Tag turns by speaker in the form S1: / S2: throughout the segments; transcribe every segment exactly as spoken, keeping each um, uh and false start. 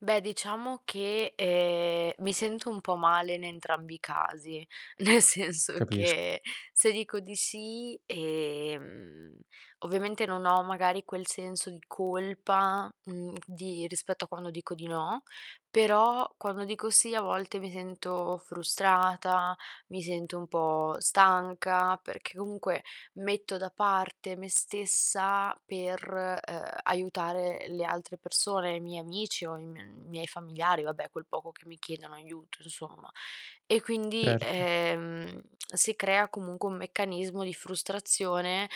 S1: Beh, diciamo che, ehm, mi sento un po' male in entrambi i casi, nel senso
S2: Capis
S1: che se dico di sì, ehm, ovviamente, non ho magari quel senso di colpa, mhmm, di rispetto a quando dico di no, però quando dico sì a volte mi sento frustrata, mi sento un po' stanca, perché comunque metto da parte me stessa per, ehm, aiutare le altre persone, i miei amici o i m miei familiari, vabbè, quel poco che mi chiedono aiuto, insomma. E quindi,
S2: prerto.
S1: ehm, si crea comunque un meccanismo di frustrazione,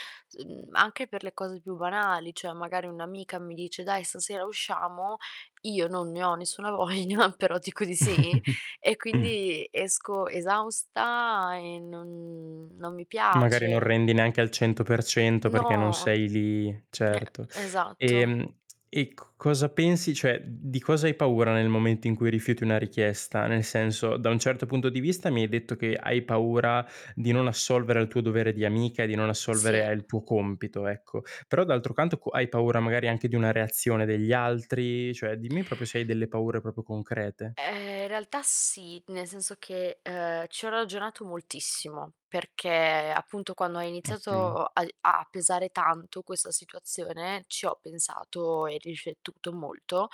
S1: mhmm, anche per le cose più banali. ceh magari un'amica mi dice: "Dai, stasera usciamo", io non ne ho nessuna voglia, però dico di sì e
S2: Mh.
S1: quindi esco esausta e non non mi
S2: Magari non
S1: piace.
S2: rendi neanche al cento per cento perché non
S1: No.
S2: sei lì,
S1: Eh,
S2: certo.
S1: esatto.
S2: Ehm, e c cosa pensi cioè, uhm, di cosa hai paura nel momento in cui rifiuti una richiesta? Nel senso, da un certo punto di vista mi hai detto che hai paura di non assolvere al tuo dovere di amica e di non assolvere
S1: Sì.
S2: al tuo compito, ecco. Però d'altro canto co hai paura magari anche di una reazione degli altri? Cioè dimmi propio se hai delle paure propio concrete.
S1: Ehm, in realtà sì, nel senso che, ehm, ci ho ragionato moltissimo perché, appunto, quando ha
S2: Ottimo.
S1: iniziato ai a pesare tanto questa situazione, ci ho pensato e riscettuto molto,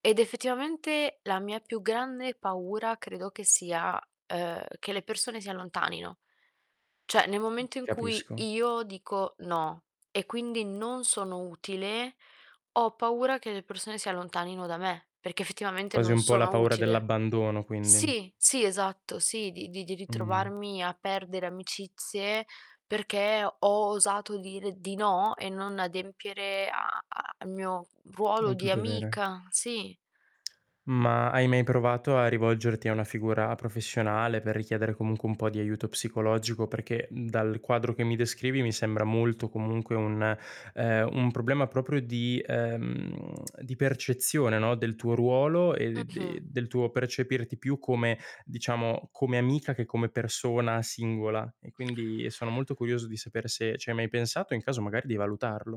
S1: ed effettivamente, la mia più grande paura credo che sia, ehm, che le persone si allontanino. ceh nel
S2: Mh,
S1: momento in cui
S2: capisco.
S1: io dico: "No", e quindi non sono utile, ho paura che le persone si allontanino da me perché effettivamente
S2: Quasi
S1: non
S2: un po' la
S1: sono
S2: paura
S1: utile.
S2: dell'abbandono, quindi.
S1: Sì, sì esatto, sì, di di di
S2: Mh.
S1: ritrovarmi a perdere amicizie perché ho osato dire di no e non adempiere a a al mio ruolo
S2: Al tu
S1: di
S2: dovere.
S1: amica, sì.
S2: Ma hai mai provato a rivolgerti alla figura professionale per richiedere comunque un po' di aiuto psicologico? Perché, uhm, dal quadro che mi descrivi mi sembra molto comunque un ehm, un problema proprio di ehm, di percezione, no, del tuo ruolo e
S1: Mh-mh.
S2: de del tuo percepirti più come diciamo, come amica che come persona singola. E quindi e sono molto curioso di sapere se ci hai mai pensato, e in caso magari di valutarlo.